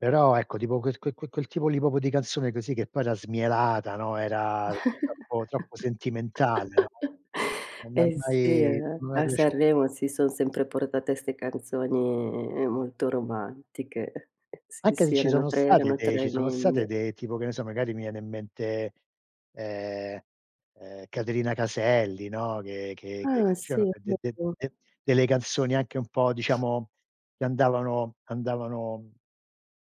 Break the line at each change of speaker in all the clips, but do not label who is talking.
Però ecco tipo quel quel quel tipo lì proprio di canzone così, che poi era smielata, no, era troppo troppo sentimentale, no, non m'è
Eh sì
mai
eh,
no mai
a
piaciuta.
Sanremo si son sempre portate 'ste canzoni molto romantiche. Sì,
Anche se
sì,
ci
erano
sono
tre
stati
erano
dei ci sono state
tremende.
de tipo che ne so magari mi viene in mente, ehm, ehm Caterina Caselli, no, che che che
Ah
c'erano
sì, va
de de de
bo.
de delle canzoni anche un po' diciamo che andavano andavano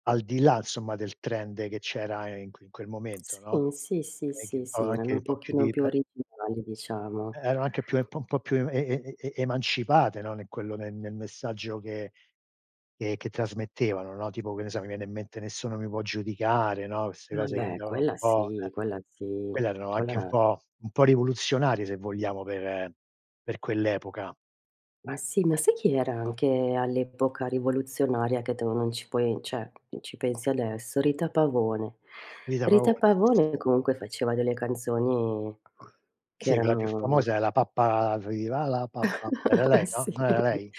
al di là, insomma, del trend che c'era in que in quel momento, no,
Sì, sì, sì,
e che un
sì,
po'
sì,
anche
erano
un
un
po' più
pochino
di
più
pe
originali, diciamo.
eh, erano anche più un po' po' più em e e e emancipate, no, nel quello nel nel messaggio che ehm, che trasmettevano, no, tipo che ne so mi viene in mente "Nessuno mi può giudicare", no, queste cose che
Vabbè
andavano un
quella
po' eh,
sì, quella sì,
quelle erano
quella
anche un
era
po' un po' rivoluzionarie se vogliamo per per quell'epoca.
Ma sì, ma sai chi era anche all'epoca rivoluzionaria, che tu non ci puoi cioè, ci pensi adesso, Rita Pavone.
Rita
Rita
Pavone, sì, sì.
Pavone comunque faceva delle canzoni che
Si, quella più
erano
famosa è la pappa viva la pappa, era lei, no?
Sì,
Non era lei?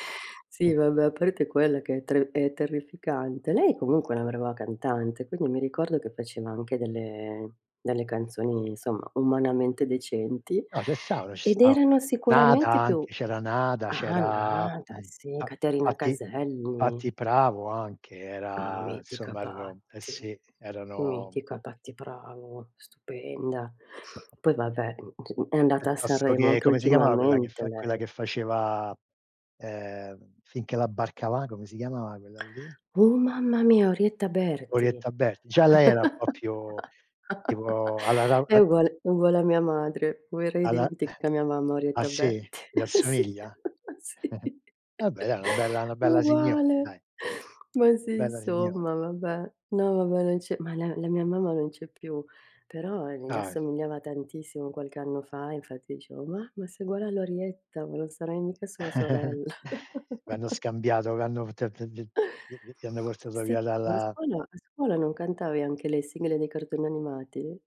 sì vabbè, a parte quella che è tre è terrificante. Lei comunque è una brava cantante, quindi mi ricordo che faceva anche delle delle canzoni, insomma, umanamente decenti
No ce stavano, ci
ed
stavano,
erano
[unintelligible] Nada
sicuramente più
anche, c'era Nada,
ah
c'era,
Nada
mhmm,
sì,
Pa
Caterina
Patty
Caselli.
Patty Pravo anche,
Ah
era
mitica
insomma erano eh
Patty,
si, erano
mitica Patty Pravo, stupenda. Poi vabbè, mhmm, è andata a
Piuttosto
Sanremo
che
anche
come si chiamava quella che
ultimamente
fa quella
lei.
che faceva, ehm, "Fin che la barca va", come si chiamava quella lì?
Uh mamma mia Orietta Berti.
Orietta Berti. Già lei era un po' più, tipo alla rau
È
eh
uguale è uguale a mia madre, oh era
alla
identica mia mamma a
ah
Orietta
sì?
Berti.
Le
Sì,
assomiglia?
sì,
Vabbè dai, una bella una
ma
bella signora
uguale.
dai.
Ma sì
Bella signora.
insomma vabbè, no, vabbè, non c'è ma la la mia mamma non c'è più, però gli
Dai.
assomigliava tantissimo qualche anno fa, infatti dicevo: "Mamma sei uguale alla Orietta, ma non sarai mica sua sorella".
V'hanno scambiato v'hanno f t t v vi vi vi hanno portato
Sì,
via
ma a
dalla
scuola a scuola non cantavi anche le sigle dei cartoni animati?